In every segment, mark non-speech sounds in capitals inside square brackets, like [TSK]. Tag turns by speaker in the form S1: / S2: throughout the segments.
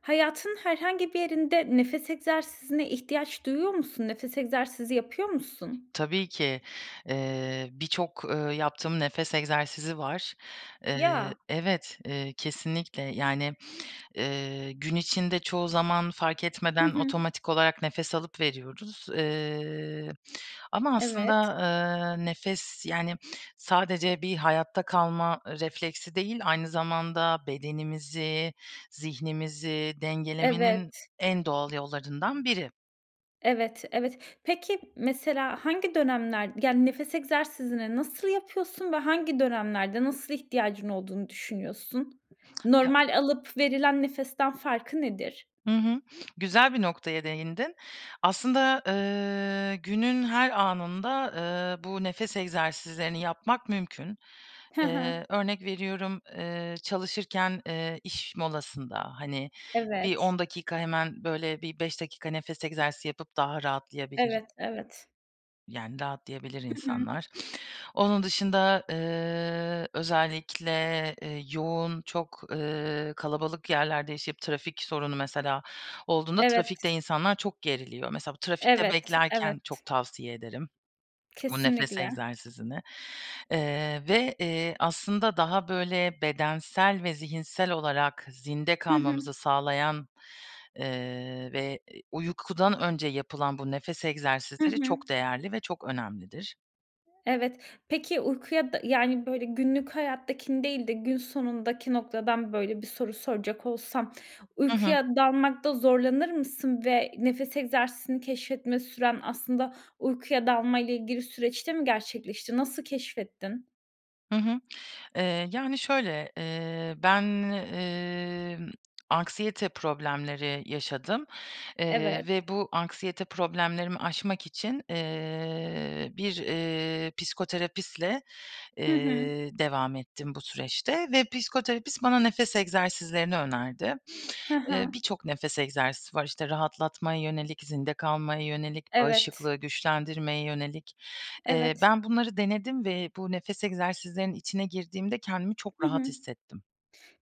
S1: Hayatın herhangi bir yerinde nefes egzersizine ihtiyaç duyuyor musun? Nefes egzersizi yapıyor musun?
S2: Tabii ki, eee, birçok, ııı, yaptığım nefes egzersizi var. Eee,
S1: Ya.
S2: evet, eee, kesinlikle. Yani, eee, gün içinde çoğu zaman fark
S1: Hı
S2: etmeden
S1: hı.
S2: otomatik olarak nefes alıp veriyoruz. Eee, ama aslında,
S1: Evet.
S2: ııı, nefes, yani sadece bir hayatta kalma refleksi değil, aynı zamanda bedenimizi, zihnimizi dengelemenin
S1: Evet.
S2: en doğal yollarından biri.
S1: Evet, evet. Peki mesela hangi dönemler, yani, nefes egzersizini nasıl yapıyorsun ve hangi dönemlerde, nasıl ihtiyacın olduğunu düşünüyorsun?
S2: Ya
S1: Normal alıp verilen nefesten farkı nedir?
S2: Hı hı. Güzel bir noktaya değindin. Aslında, ııı, günün her anında, ııı, bu nefes egzersizlerini yapmak mümkün.
S1: He he.
S2: Eee, örnek veriyorum, eee, çalışırken, eee, iş molasında, hani, bir
S1: Evet.
S2: 10 dakika, hemen böyle bir 5 dakika nefes egzersizi yapıp daha rahatlayabilir
S1: Evet, evet.
S2: yani, rahatlayabilir
S1: Hı hı.
S2: insanlar. Onun dışında, ııı, özellikle, ııı, yoğun, çok, ııı, kalabalık yerlerde yaşayıp trafik sorunu mesela olduğunda trafikte
S1: Evet.
S2: insanlar çok geriliyor. Mesela bu trafikte
S1: Evet,
S2: beklerken çok
S1: evet.
S2: tavsiye ederim [SMACKS LIPS] bu nefes
S1: Kesinlikle.
S2: egzersizini. Eee, ve, eee, aslında daha böyle bedensel ve zihinsel olarak zinde
S1: Hı hı.
S2: kalmamızı sağlayan, eee, ve, eee, uykudan önce yapılan bu nefes
S1: Hı
S2: egzersizleri
S1: hı.
S2: çok değerli ve çok önemlidir.
S1: Evet. Peki, uykuya da yani, böyle günlük hayattakini değil de gün sonundaki noktadan böyle bir soru soracak olsam
S2: Hı hı.
S1: uykuya dalmakta zorlanır mısın ve nefes egzersizini keşfetme süren aslında uykuya dalmayla ilgili süreçte mi gerçekleşti? Nasıl keşfettin?
S2: Hı hı. Eee, yani, şöyle, eee, ben, emm, anksiyete problemleri yaşadım,
S1: Evet.
S2: eee, ve bu anksiyete problemlerimi aşmak için, eee, bir, eee, psikoterapistle,
S1: Hı hı.
S2: eee, devam ettim bu süreçte ve psikoterapist bana nefes egzersizlerini önerdi.
S1: Hı
S2: Eee,
S1: hı.
S2: birçok nefes egzersizi var, işte rahatlatmaya yönelik, zinde kalmaya yönelik,
S1: Evet.
S2: bağışıklığı güçlendirmeye yönelik. Eee,
S1: Evet.
S2: ben bunları denedim ve bu nefes egzersizlerinin içine girdiğimde kendimi çok
S1: Hı
S2: rahat
S1: hı.
S2: hissettim.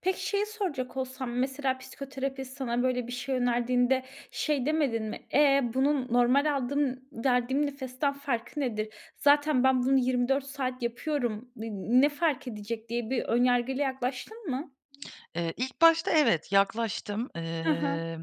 S1: Peki, şeyi soracak olsam mesela psikoterapist sana böyle bir şey önerdiğinde şey demedin mi, e, bunun normal aldığım verdiğim nefesten farkı nedir? Zaten ben bunu 24 saat yapıyorum, n ne fark edecek diye bir ön yargıyla yaklaştın mı?
S2: [SMACKS LIPS] Eee, ilk başta evet yaklaştım.
S1: Hı hı.
S2: Eee,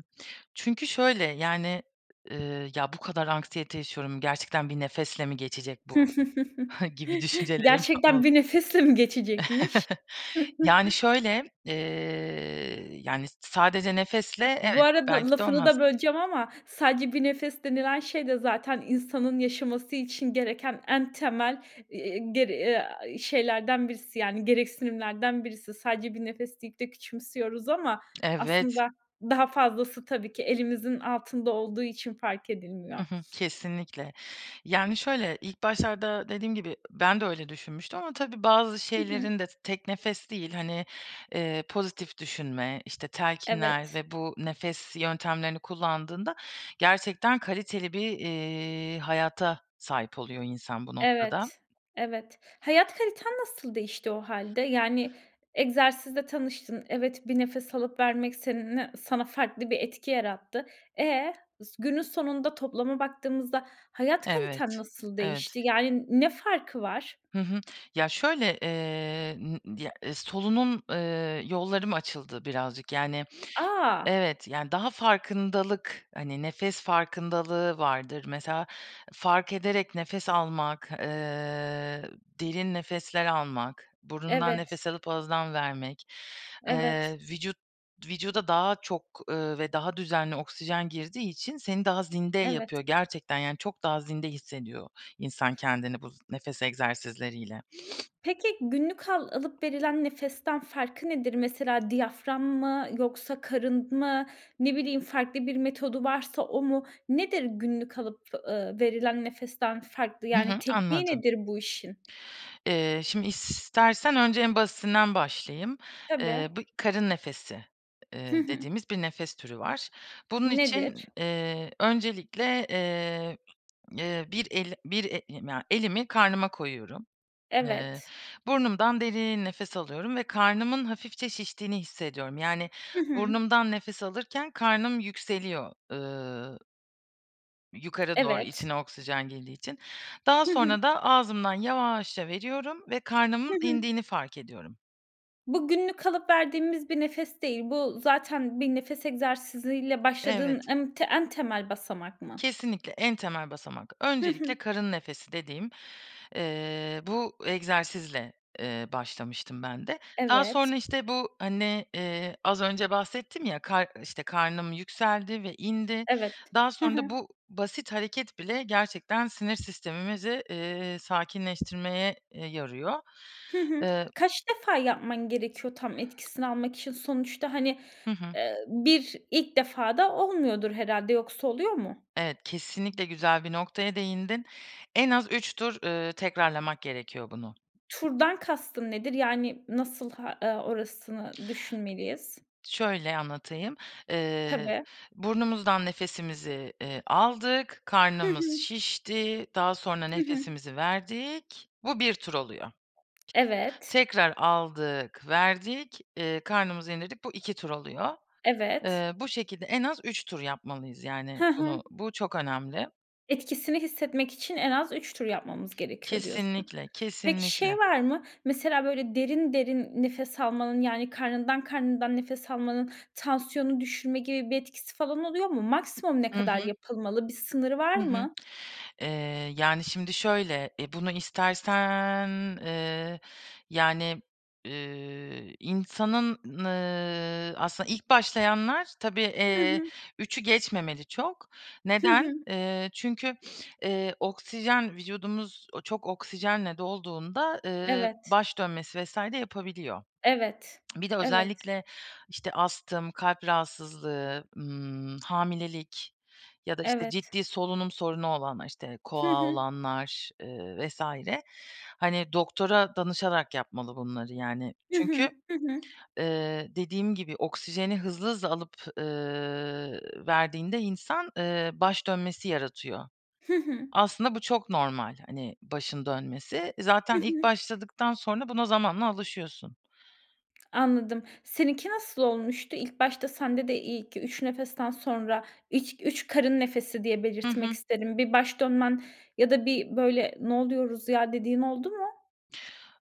S2: çünkü şöyle, yani, eee, ya bu kadar anksiyete yaşıyorum, gerçekten bir nefesle mi geçecek bu
S1: [CHUCKLES]
S2: [SCOFFS] gibi düşüncelerim
S1: Gerçekten
S2: oldu.
S1: bir nefesle mi geçecekmiş?
S2: [CHUCKLES] Yani,
S1: [CHUCKLES]
S2: şöyle, eee, yani, sadece nefesle
S1: Bu
S2: evet,
S1: arada
S2: belki de
S1: lafını
S2: olmaz.
S1: da böleceğim ama sadece bir nefes denilen şey de zaten insanın yaşaması için gereken en temel, eee, ger a, şeylerden birisi, yani, gereksinimlerden birisi. Sadece bir nefes deyip de küçümsüyoruz ama
S2: Evet.
S1: aslında daha fazlası tabii ki elimizin altında olduğu için fark edilmiyor.
S2: Hı hı, kesinlikle. Yani, şöyle, ilk başlarda dediğim gibi ben de öyle düşünmüştüm ama tabii bazı
S1: Hı hı.
S2: şeylerin de tek nefes değil, hani, eee, pozitif düşünme, işte telkinler
S1: Evet.
S2: ve bu nefes yöntemlerini kullandığında gerçekten kaliteli bir, eee, hayata sahip oluyor insan bu noktada.
S1: Evet, evet. Hayat kaliten nasıl değişti o hâlde? Yani, egzersizle tanıştın. Evet, bir nefes alıp vermek seninle sana farklı bir etki yarattı. E? Günün sonunda toplama baktığımızda hayat
S2: Evet,
S1: kaliten nasıl
S2: evet.
S1: değişti? Yani n ne farkı var?
S2: Hı hı. Ya şöyle, eee, ımm, ı ya solunum, eee, yollarım açıldı birazcık, yani,
S1: A.
S2: evet, yani, daha farkındalık, hani, nefes farkındalığı vardır mesela fark ederek nefes almak, eee, derin nefesler almak, burundan
S1: Evet.
S2: nefes alıp ağızdan vermek,
S1: Evet.
S2: eee, vücut vücuda daha çok, eee, ve daha düzenli oksijen girdiği için seni daha zinde yapıyor.
S1: Evet.
S2: Gerçekten yani çok daha zinde hissediyor insan kendini bu z nefes egzersizleriyle. [SNIFFS]
S1: Peki günlük al alıp verilen nefesten farkı nedir? Mesela diyafram mı yoksa karın mı ne bileyim farklı bir metodu varsa o mu? Nedir günlük alıp, eee, verilen nefesten farklı?
S2: Hı hı.
S1: Yani tekniği
S2: Anladım.
S1: nedir bu işin?
S2: Eee, şimdi i istersen önce en basitinden başlayayım.
S1: Tabii.
S2: Eee, bu karın nefesi,
S1: Hı
S2: eee,
S1: hı.
S2: dediğimiz bir nefes türü var. Bunun için,
S1: Nedir?
S2: eee, öncelikle, eee, eee, bir el bir e i ya, elimi karnıma koyuyorum. Eee,
S1: Evet.
S2: burnumdan derin nefes alıyorum ve karnımın hafifçe şiştiğini hissediyorum. Yani,
S1: Hı hı.
S2: burnumdan nefes alırken karnım yükseliyor ııı yukarı doğru
S1: Evet.
S2: içine oksijen girdiği için. Daha
S1: Hı hı.
S2: sonra da ağzımdan yavaşça veriyorum ve
S1: Hı
S2: karnımın
S1: hı.
S2: indiğini fark ediyorum.
S1: Bu günlük alıp verdiğimiz bir nefes değil. Bu zaten bir nefes egzersiziyle başladığın
S2: Evet.
S1: em en temel basamak mı?
S2: Kesinlikle en temel basamak.
S1: Hı hı.
S2: Öncelikle karın nefesi dediğim, eee, bu egzersizle, eee, başlamıştım ben de. Daha
S1: Evet.
S2: sonra işte bu hani, eee, az önce bahsettim ya, kar işte, karnım yükseldi ve indi.
S1: Evet.
S2: Daha
S1: Hı
S2: sonra da
S1: hı.
S2: bu basit hareket bile gerçekten sinir sistemimizi, ııı, sakinleştirmeye, eee, yarıyor.
S1: Hı hı.
S2: Eee
S1: Kaç defa yapman gerekiyor tam etkisini almak için? Sonuçta, hani,
S2: Hı hı.
S1: eee, 1 ilk defada olmuyordur herhâlde yoksa oluyor mu?
S2: Evet kesinlikle güzel bir noktaya değindin. En az 3 tur, ııı, tekrarlamak gerekiyor bunu.
S1: Turdan kastın nedir? Yani nasıl ha eee, orasını düşünmeliyiz?
S2: Şöyle anlatayım, eee,
S1: Tabii.
S2: burnumuzdan nefesimizi, eee, aldık,
S1: Hı
S2: karnımız
S1: hı.
S2: şişti, daha sonra
S1: Hı hı.
S2: nefesimizi verdik, bu 1 tur oluyor.
S1: Evet.
S2: Tekrar aldık verdik, eee, karnımızı indirdik, bu 2 tur oluyor.
S1: Evet.
S2: Eee, bu şekilde en az 3 tur yapmalıyız yani
S1: He he.
S2: bunu, bu çok önemli.
S1: Etkisini hissetmek için en az 3 tur yapmamız gerekiyor diyorsun.
S2: Kesinlikle,
S1: Peki
S2: kesinlikle.
S1: şey var mı? Mesela böyle derin derin nefes almanın, yani, karnından karnından nefes almanın tansiyonu düşürme gibi bir etkisi falan oluyor mu? Maksimum ne
S2: Hı
S1: kadar
S2: hı.
S1: yapılmalı? Bir sınırı var
S2: Hı hı.
S1: mı?
S2: Eee, yani, şimdi şöyle e, bunu istersen, eee, yani, ııı, insanın, n ııı, aslında ilk başlayanlar tabii,
S1: Hı
S2: eee,
S1: hı.
S2: 3'ü geçmemeli çok.
S1: Hı hı.
S2: Neden? Eee, çünkü, [SNIFFS] eee, oksijen vücudumuz çok oksijenle dolduğunda, ııı,
S1: Evet.
S2: baş dönmesi vs. de yapabiliyor.
S1: Evet.
S2: [SMACKS LIPS] Bir de
S1: Evet.
S2: özellikle işte astım, kalp rahatsızlığı, ımm, hamilelik ya da işte
S1: Evet.
S2: ciddi solunum sorunu olanlar, işte
S1: Hı
S2: KOAH
S1: hı.
S2: olanlar, ııı, vs. hani doktora danışarak yapmalı bunları yani.
S1: Hı
S2: Çünkü,
S1: hı. Hı hı.
S2: ııı, dediğim gibi oksijeni hızlı hızlı alıp, ııı, verdiğinde insan, ııı, baş dönmesi yaratıyor.
S1: Hı hı.
S2: Aslında bu çok normal hani başın dönmesi.
S1: Hı
S2: Zaten ilk
S1: hı.
S2: başladıktan sonra buna zamanla alışıyorsun.
S1: Anladım. Seninki nasıl olmuştu? İlk başta sende de ilk 3 nefesten sonra, ilk 3 karın nefesi diye
S2: Hı
S1: belirtmek
S2: hı.
S1: isterim, bir baş dönmen ya da bir böyle "Ne oluyoruz ya?" dediğin oldu mu?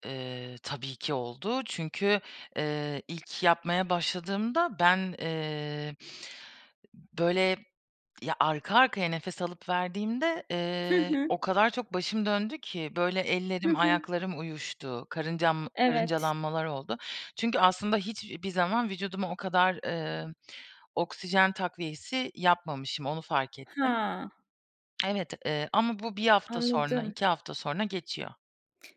S2: Eee, tabii ki oldu. Çünkü, eee, ilk yapmaya başladığımda ben, eee, böyle ya arka arkaya nefes alıp verdiğimde,
S1: Hı
S2: eee,
S1: hı.
S2: o kadar çok başım döndü ki böyle
S1: Hı
S2: ellerim
S1: hı.
S2: ayaklarım uyuştu. Karıncam
S1: Evet.
S2: karıncalanmalar oldu. Çünkü aslında hiçbir zaman vücuduma o kadar, eee, oksijen takviyesi yapmamışım. Onu fark ettim.
S1: Ha.
S2: Evet, eee, ama bu 1 hafta sonra,
S1: Anladım.
S2: 2 hafta sonra geçiyor.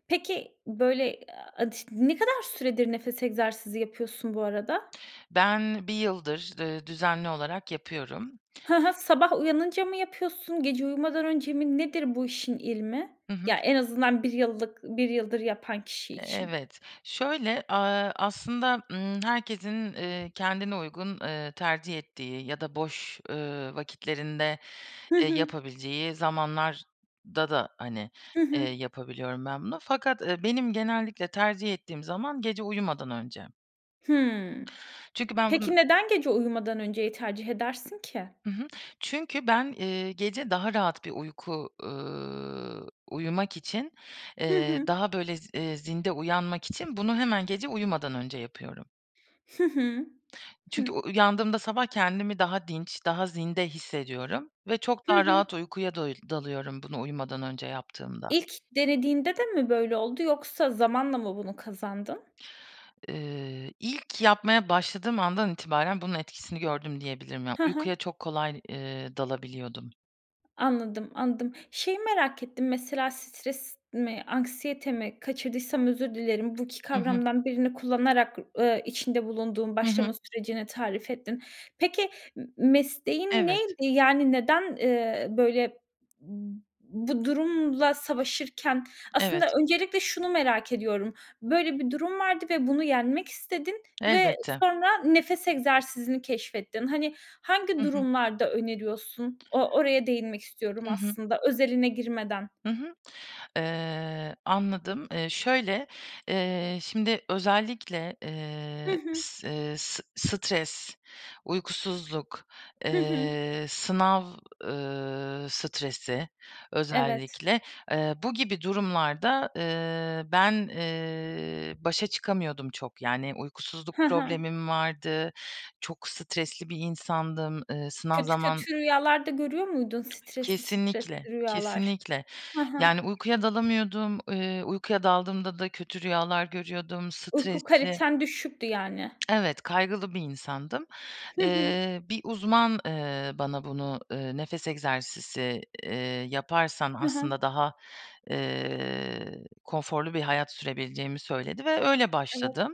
S1: Peki, böyle, aaa, ne kadar süredir nefes egzersizi yapıyorsun bu arada?
S2: Ben 1 yıldır, ııı, düzenli olarak yapıyorum.
S1: Hı hı. Sabah uyanınca mı yapıyorsun, gece uyumadan önce mi? Nedir bu işin ilmi?
S2: Hı hı.
S1: Ya, en azından 1 yıllık 1 yıldır yapan kişi
S2: E
S1: için.
S2: evet. Şöyle, aaa, aslında, ımm, herkesin, eee, kendine uygun, eee, tercih ettiği, ya da boş, ııı, vakitlerinde,
S1: Hı
S2: eee,
S1: hı.
S2: yapabileceği zamanlarda da, hani,
S1: Hı
S2: eee,
S1: hı.
S2: yapabiliyorum ben bunu. Fakat, eee, benim genellikle tercih ettiğim zaman gece uyumadan önce.
S1: Hımm.
S2: Çünkü ben bunu
S1: Peki neden gece uyumadan önceyi tercih edersin ki?
S2: Hı hı. Çünkü ben, eee, gece daha rahat bir uyku, ııı, uyumak için,
S1: Hı
S2: eee,
S1: hı.
S2: daha, böyle, z eee, zinde uyanmak için bunu hemen gece uyumadan önce yapıyorum.
S1: Hı hı. Hıh.
S2: Çünkü u uyandığımda sabah kendimi daha dinç, daha zinde hissediyorum ve çok
S1: Hı
S2: daha
S1: hı.
S2: rahat uykuya doyil dalıyorum bunu uyumadan önce yaptığımda.
S1: İlk denediğinde de mi böyle oldu yoksa zamanla mı bunu kazandın?
S2: Eee, ilk yapmaya başladığım andan itibaren bunun etkisini gördüm diyebilirim. Yani,
S1: Ha ha.
S2: uykuya çok kolay, eee, dalabiliyordum.
S1: Anladım, anladım. Şeyi merak ettim mesela stres mi anksiyete mi kaçırdıysam özür dilerim. Bu 2
S2: Hı hı.
S1: kavramdan birini kullanarak, ııı, içinde bulunduğun
S2: Hı
S1: başlama
S2: hı.
S1: sürecini tarif ettin. Peki m m mesleğin
S2: Evet.
S1: neydi? Yani, neden, ııı, böyle b bu durumla savaşırken?
S2: Evet,
S1: Aslında
S2: Evet.
S1: öncelikle şunu merak ediyorum, böyle bir durum vardı ve bunu yenmek istedin ve
S2: Elbette.
S1: sonra nefes egzersizini keşfettin. Hani, hangi
S2: Hı hı.
S1: durumlarda öneriyorsun? O oraya değinmek istiyorum
S2: Hı hı.
S1: aslında, özeline girmeden.
S2: Hı hı. Iıı, anladım. Iıı, şöyle, ııı, şimdi özellikle,
S1: Hı
S2: ııı,
S1: hı.
S2: s ııı, s s stres, uykusuzluk,
S1: Hı hı.
S2: ııı, sınav, ııı, stresi
S1: Evet.
S2: özellikle, ııı, bu gibi durumlarda, ııı, ben, ııı, başa çıkamıyordum çok. Yani uykusuzluk
S1: Hı hı.
S2: problemim vardı, çok stresli bir insandım. Iıı, sınav
S1: Kötü
S2: zaman
S1: kötü rüyalar da görüyor muydun
S2: [TSK]
S1: stresli
S2: Kesinlikle
S1: stresli rüyalar?
S2: kesinlikle.
S1: Hı hı.
S2: Yani, uykuya dalamıyordum, ııı, uykuya daldığımda da kötü rüyalar görüyordum
S1: Uyku
S2: stresli.
S1: kaliten düşüktü yani.
S2: [TSK] Evet kaygılı bir insandım.
S1: Hı hı.
S2: Iıı, bir uzman, ııı, bana bunu, ııı, nefes egzersizi, ııı, yaparsan
S1: Hı hı.
S2: aslında daha, ııı, konforlu bir hayat sürebileceğimi söyledi ve öyle
S1: Evet.
S2: başladım.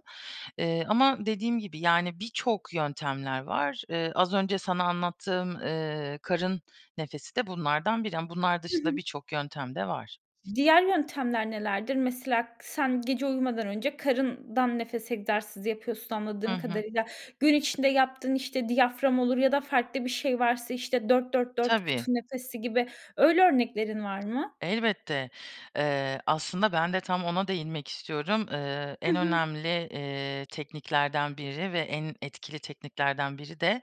S2: Iıı, ama dediğim gibi, yani, birçok yöntemler var. Iıı, az önce sana anlattığım, ııı, karın nefesi de bunlardan biri. Ama bunlar
S1: Hı
S2: dışında
S1: hı.
S2: birçok yöntem de var.
S1: Diğer yöntemler nelerdir? Mesela sen gece uyumadan önce karından nefes egzersizi yapıyorsun
S2: Hı
S1: anladığım
S2: hı.
S1: kadarıyla. Gün içinde yaptığın işte diyafram olur ya da farklı bir şey varsa işte 4- 4- 4 kutu
S2: Tabii.
S1: nefesi gibi öyle örneklerin var mı?
S2: Elbette. Iıı, aslında ben de tam ona değinmek istiyorum. Iıı,
S1: Hı
S2: en
S1: hı.
S2: önemli, ııı, tekniklerden biri ve en etkili tekniklerden biri de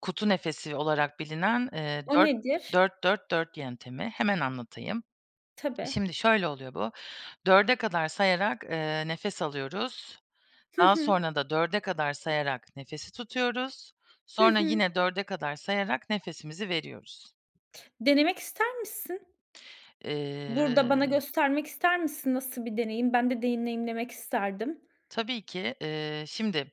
S2: kutu nefesi olarak bilinen, ııı,
S1: O
S2: dört
S1: nedir?
S2: dört dört dört yöntemi. Hemen anlatayım.
S1: Tabii.
S2: Şimdi şöyle oluyor bu, 4'e kadar sayarak, ııı, nefes alıyoruz,
S1: Hı
S2: daha
S1: hı.
S2: sonra da 4'e kadar sayarak nefesi tutuyoruz,
S1: Hı
S2: sonra
S1: hı.
S2: yine 4'e kadar sayarak nefesimizi veriyoruz.
S1: Denemek ister misin? Burada bana
S2: Iıı
S1: göstermek ister misin? Nasıl bir deneyim? Ben de deneyimlemek isterdim.
S2: Tabii ki, ııı, şimdi,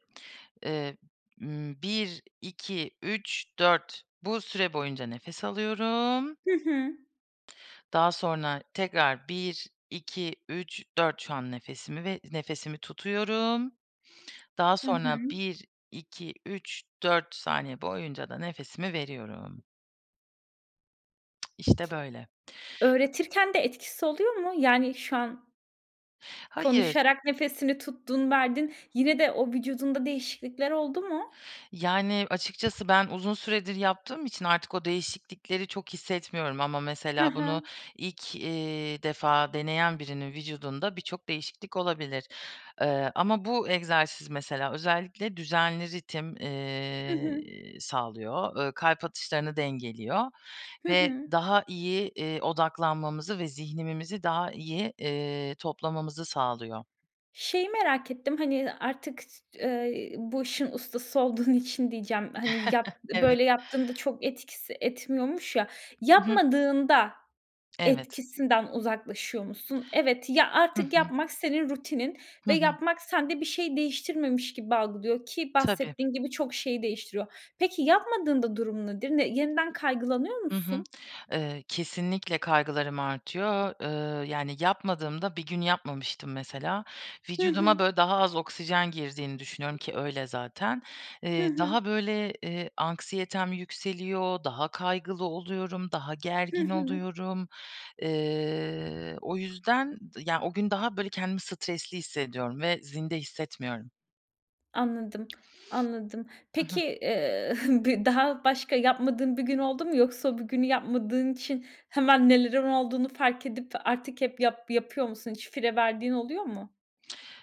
S2: ııı, ımm, 1, 2, 3, 4 Bu süre boyunca nefes alıyorum.
S1: Hı hı.
S2: Daha sonra tekrar 1, 2, 3, 4 şu an nefesimi ve nefesimi tutuyorum. [INHALES] Daha
S1: Hı hı.
S2: sonra 1, 2, 3, 4 saniye boyunca da nefesimi veriyorum. [TSK] İşte böyle.
S1: Öğretirken de etkisi oluyor mu? Yani şu an
S2: Hayır.
S1: Konuşarak nefesini tuttun verdin yine de o vücudunda değişiklikler oldu mu?
S2: Yani açıkçası ben uzun süredir yaptığım için artık o değişiklikleri çok hissetmiyorum. Ama
S1: Hı
S2: mesela bunu
S1: hı.
S2: ilk, eee, defa deneyen birinin vücudunda birçok değişiklik olabilir. Eee, ama bu egzersiz mesela özellikle düzenli ritim,
S1: Hı hı.
S2: eee, sağlıyor, eee, kalp atışlarını dengeliyor
S1: Hı
S2: ve
S1: hı.
S2: daha iyi, eee, odaklanmamızı ve zihnimizi daha iyi, eee, toplamamızı sağlıyor.
S1: Şeyi merak ettim, hani, artık [UNINTELLIGIBLE] ııı, bu işin ustası olduğun için diyeceğim hani yap
S2: [CHUCKLES] Evet.
S1: böyle yaptığında çok etkisi etmiyormuş ya.
S2: Hı hı.
S1: Yapmadığında
S2: [SMACKS LIPS] Evet.
S1: etkisinden uzaklaşıyor musun? Evet, ya
S2: Hı
S1: artık
S2: hı.
S1: yapmak senin rutinin
S2: Hı
S1: ve
S2: hı.
S1: yapmak sende bir şeyi değiştirmemiş gibi algılıyor ki
S2: Tabii.
S1: bahsettiğin gibi çok şeyi değiştiriyor. Peki yapmadığın da durum nedir? Ne yeniden kaygılanıyor
S2: Hı hı.
S1: musun?
S2: [SMACKS LIPS] Eee, kesinlikle kaygılarım artıyor. Iıı, yani yapmadığımda, bir gün yapmamıştım mesela.
S1: Hı
S2: Vücuduma
S1: hı.
S2: böyle daha az oksijen girdiğini düşünüyorum ki öyle zaten.
S1: Hı
S2: Eee,
S1: hı.
S2: daha böyle, eee, anksiyetem yükseliyor, daha kaygılı oluyorum, daha
S1: Hı
S2: gergin
S1: hı.
S2: oluyorum. Eee, o yüzden, ya o gün daha böyle kendimi stresli hissediyorum ve zinde hissetmiyorum.
S1: Anladım. Anladım.
S2: Hı
S1: Peki,
S2: hı.
S1: eee, [CHUCKLES] bi daha başka yapmadığın bir gün oldu mu yoksa o bugünü yapmadığın için hemen nelerin olduğunu fark edip artık hep yap yapıyor musun? Hiç fire verdiğin oluyor mu?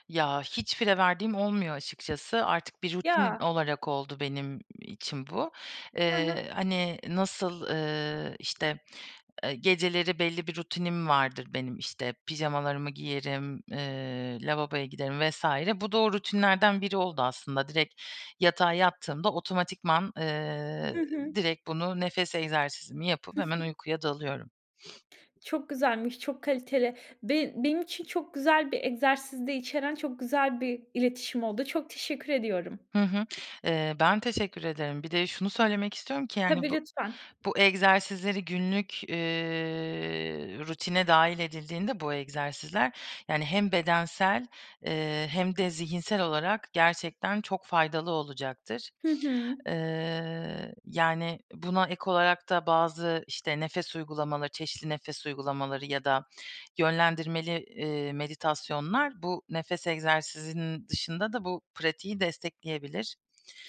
S2: Ya hiç fire verdiğim olmuyor açıkçası. Artık bir rutin
S1: Ya.
S2: olarak oldu benim için bu.
S1: Hı hı.
S2: Eee, hani nasıl, ııı, işte, eee, geceleri belli bir rutinim vardır benim. İşte pijamalarımı giyerim, eee, lavaboya giderim vs. Bu da o rutinlerden biri oldu aslında. Direkt yatağa yattığımda otomatikman,
S1: Hı
S2: eee,
S1: hı.
S2: direkt bunu, nefes egzersizimi yapıp
S1: Hı hı.
S2: hemen uykuya dalıyorum. [SNIFFS]
S1: Çok güzelmiş, çok kaliteli. Be benim için çok güzel bir egzersiz de içeren çok güzel bir iletişim oldu. Çok teşekkür ediyorum.
S2: Hı hı. Eee, ben teşekkür ederim. Bir de şunu söylemek istiyorum ki yani
S1: Tabii
S2: bu
S1: lütfen.
S2: bu egzersizleri günlük, eee, rutine dâhil edildiğinde bu egzersizler, yani hem bedensel, eee, hem de zihinsel olarak gerçekten çok faydalı olacaktır.
S1: Hı hı.
S2: Eee, yani buna ek olarak da bazı, işte, nefes uygulamaları, çeşitli nefes uygulamaları ya da yönlendirmeli, eee, meditasyonlar bu nefes egzersizinin dışında da bu pratiği destekleyebilir.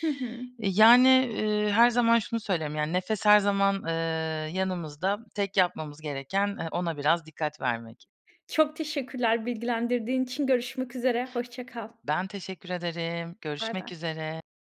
S1: Hı hı.
S2: Yani, eee, her zaman şunu söylerim, yani nefes her zaman, eee, yanımızda, tek yapmamız gereken, eee, ona biraz dikkat vermek.
S1: Çok teşekkürler bilgilendirdiğin için. Görüşmek üzere. Hoşça kal.
S2: Ben teşekkür ederim. Görüşmek
S1: Baybay.
S2: üzere.